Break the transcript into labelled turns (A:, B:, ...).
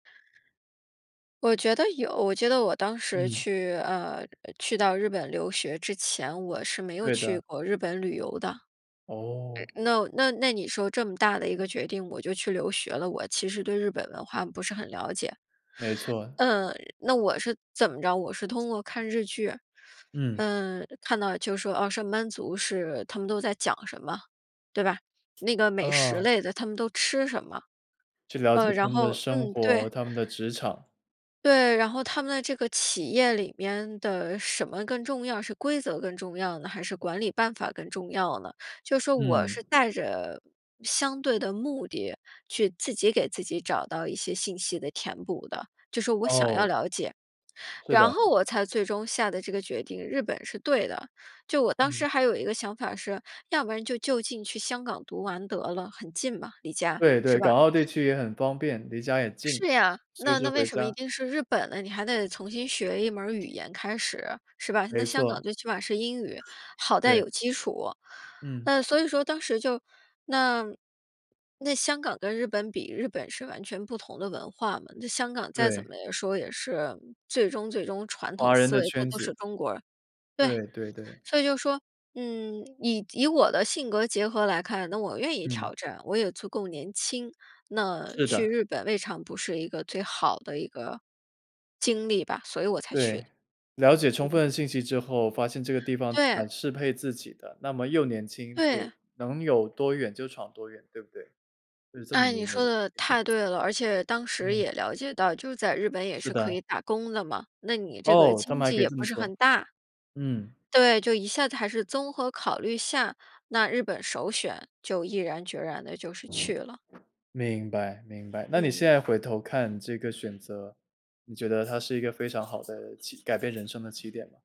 A: 我觉得有，我觉得我当时
B: 嗯。
A: 去，呃呃，去到日本留学之前，我是没有
B: 对
A: 去
B: 的。
A: 过日本旅游的。
B: 哦。
A: 那那那你说这么大的一个决定，我就去留学了，我其实对日本文化不是很了解。
B: 没错。
A: 嗯，那我是怎么着，我是通过看日剧，
B: 嗯。
A: 嗯，看到就说，呃，上班族是他们都在讲什么，对吧？那个美食
B: 嗯。
A: 类的，他们都吃什么？
B: 去了解
A: 呃，
B: 他
A: 然
B: 们的
A: 后
B: 生
A: 嗯，对。
B: 活、他们的职场。
A: 对，然后他们的这个企业里面的什么更重要，是规则更重要呢？还是管理办法更重要呢？就说我
B: 嗯。
A: 是带着相对的目的去自己给自己找到一些信息的填补的，就说我想要
B: 哦。
A: 了解。
B: 是的。
A: 然后我才最终下的这个决定，日本是对的。就我当
B: 嗯。
A: 时还有一个想法是，要不然就就近去香港读完得了，很近嘛，离家，
B: 对对，
A: 是
B: 港
A: 吧？
B: 澳地区也很方便，离家也近，
A: 是呀，
B: 随
A: 那
B: 时
A: 那为
B: 回
A: 什么一
B: 家。
A: 定是日本呢？你还得重新学一门语言开始，是吧？那
B: 没
A: 香
B: 错。
A: 港最起码是英语，好在
B: 对。
A: 有基础。
B: 嗯。
A: 嗯，所以说当时就，那那香港跟日本比，日本是完全不同的文化嘛，那香港再怎么
B: 对。
A: 说也是最终最终传统
B: 华人
A: 思
B: 的
A: 维，他
B: 圈
A: 都
B: 子。
A: 是中国人对，
B: 对对对。
A: 所以就说，嗯，以以我的性格结合来看，那我愿意
B: 嗯。
A: 挑战，我也足够年轻。那
B: 是
A: 去
B: 的。
A: 日本未尝不是一个最好的一个，经历吧，所以我才去
B: 对，
A: 的。
B: 了解充分的
A: 嗯。
B: 信息之后，发现这个地方
A: 对。
B: 蛮适配自己的，那么又年轻，
A: 对。
B: 又能有多远就闯多远，对不对？就是这么
A: 诶，
B: 的一
A: 你
B: 个
A: 说
B: 逻
A: 得
B: 辑。
A: 太对了，而且当时
B: 嗯。
A: 也了解到，就在日本也
B: 是
A: 是可
B: 的。
A: 以打工的嘛，那你这个
B: 哦，他
A: 经
B: 们还
A: 济
B: 可以
A: 也
B: 这么
A: 不是
B: 做。
A: 很大。
B: 嗯。
A: 对，就一下子还是综合考虑下，那日本首选就毅然决然地就是去了。
B: 明白明白，那你现
A: 嗯。
B: 在回头看这个选择，你觉得它是一个非常好的起改变人生的起点吗？